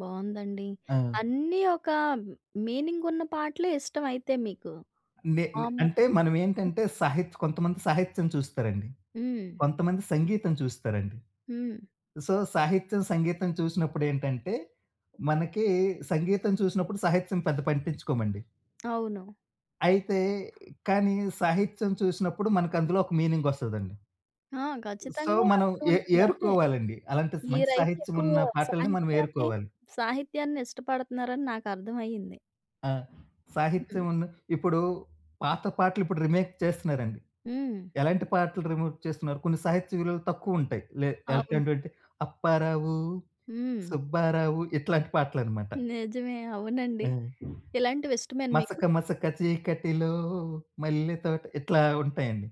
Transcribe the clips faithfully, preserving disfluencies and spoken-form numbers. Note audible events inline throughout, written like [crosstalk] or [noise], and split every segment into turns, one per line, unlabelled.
బావుందండి.
ఆ!
అన్నీ ఒకా మీనింగున్న పాటలే ఇష్టవైతే మీకు.
నే నే
మాములు
అంటే, మనమేంటంటే, సహిత్ కొంతమంది సాహిత్యం చూస్తారండి.
హ్మ్.
కొంతమంది సంగీతం చూస్తారండి.
హ్మ్.
సో, సాహిత్యం, సంగీతం చూసినప్పుడేంటంటే, మనకీ సంగీతం చూసినప్పుడు సాహిత్యం పెద్ద పట్టించుకోమండి.
అవును.
అయితే కానీ, సాహిత్యం చూసినప్పుడు మనకందులో ఒక మీనింగొస్తాదండి.
ఆ!
సో,
ఖచ్చితంగా
మనం
అదే
ఏ
ఉంటందదే.
ఏరుకోవాలండి. అలాంటి మంచి
మీరైతే ఎక్కువా
సాహిత్యమున్న పాటలని
సాహిత్యాన్ని,
మనమేరుకోవాలి.
సాహిత్యాన్ని ఇష్టపడతన్నారని నాకర్థవయ్యింది.
ఆ!
హ్మ్.
సాహిత్యమన్న ఇప్పుడూ పాత పాటలిప్పుడు రీమేక్ చేస్తన్నారండి.
హ్మ్.
ఎలాంటి పాటలు రీమేక్ చేస్తన్నారు, కొన్ని సాహిత్య విలువలు తక్కువుంటాయి. లే ఎల్
అవును.
ఏంటంటే, అప్పారావు,
హ్మ్.
సుబ్బారావు ఇట్లాంటి పాటలనమాట.
నిజమే. అవునండి.
హ్మ్.
ఇలాంటివి ఇష్టమేనా మీకు?
మసక మసక చీకటిలో మల్లెతోట, ఇట్లా ఉంటాయండి.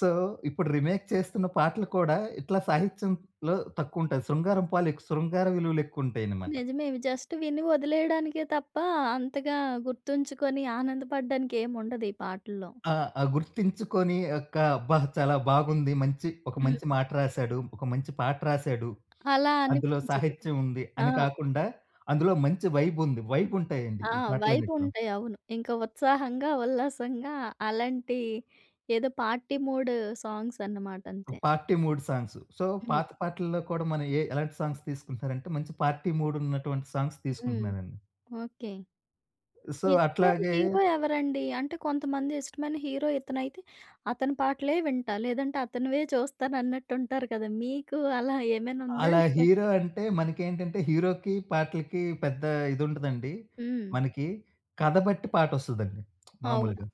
సో, ఇప్పుడు రీమేక్ చేస్తున్న పాటలు కూడా, ఇట్లా సాహిత్యంలో తక్కువుంటాయి. శృంగారం పాలెక్స్ శృంగార విలువలెక్కువుంటాయనమాట.
నిజమే. ఇవి జస్ట్ విని ఒదిలెయడానికే తప్పా, అంతగా గుర్తుంచుకొని ఆనందపడడానికి ఏముండదు ఈ పాటల్లో.
ఆ! ఆ! గుర్తించికొనీ ఒక్కా అబ్బా! చాలా బాగుంది. మంచి ఒక
హ్మ్.
మంచి మాట రాశాడు. ఒక మంచి పాట రాశాడు.
అలా
అందులో
అనిపించదు.
సాహిత్యముంది
ఆ!
అని కాకుండా, అందులో మంచి వైబుంది. వైబుంటాయండి
ఆ!
ఈ పాటలన్నిటిలో.
వైబుంటాయి. అవును. ఇంక ఉత్సాహంగా, ఉల్లాసంగా అలాంటి ఏదో పార్టీ మూడు సాంగ్సన్నమాట
ఒ
అంతే.
Party mood songs. సో,
హ్మ్.
పాత పాటల్లో కూడా మనం ఎ ఎలాంటి సాంగ్స్ తీసుకుంటన్నారంటే, మంచి పార్టీ మూడున్నటువంటి సాంగ్స్
హ్మ్.
తీసుకుంటున్నారండి.
ఓకే.
సో,
మీ ఇష్టమైన
అట్లాగే
హీరో ఎవరండీ? అంటే, కొంతమంది ఇష్టమైన హీరో ఇతనైతే, అతని పాటలే వింటా, లేదంటే అతనివే చూస్తానన్నట్టుంటారు కదా! మీకు అలా ఏమైనుందా?
అలా హీరో
లేదంటే
అంటే మనకేంటంటే, హీరోకి, పాటలకి పెద్దా ఇదుండదండి
హ్మ్.
మనకి. కథ బట్టి పాటొస్తదండి [smacks lips]
అవును.
మాములుగా.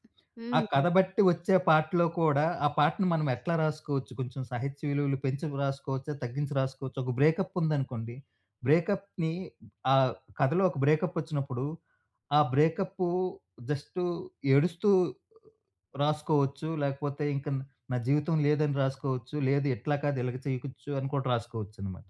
ఆ
హ్మ్.
కథ బట్టి ఒచ్చే పాటలో కూడా, ఆ పాటని మనం ఎట్లా రాసుకోవచ్చు, కొంచెం సాహిత్య విలువలు పెంచి రాసుకోవచ్చా, తగ్గించి రాసుకోవచ్చా, ఒక బ్రేకప్పుందనుకోండి, బ్రేకప్‌ని ఆహ్, కథలో ఒక బ్రేకప్పొచ్చినప్పుడు, ఆ బ్రేకప్పూ జస్టూ ఏడుస్తూ రాసుకోవచ్చు, లేకపోతే ఇంక న్ నా జీవితం లేదని రాసుకోవచ్చు, లేదు ఎట్లా కాదు, ఇలాగా చెయకుచ్చు అని కూడా రాసుకోవచ్చనమాట.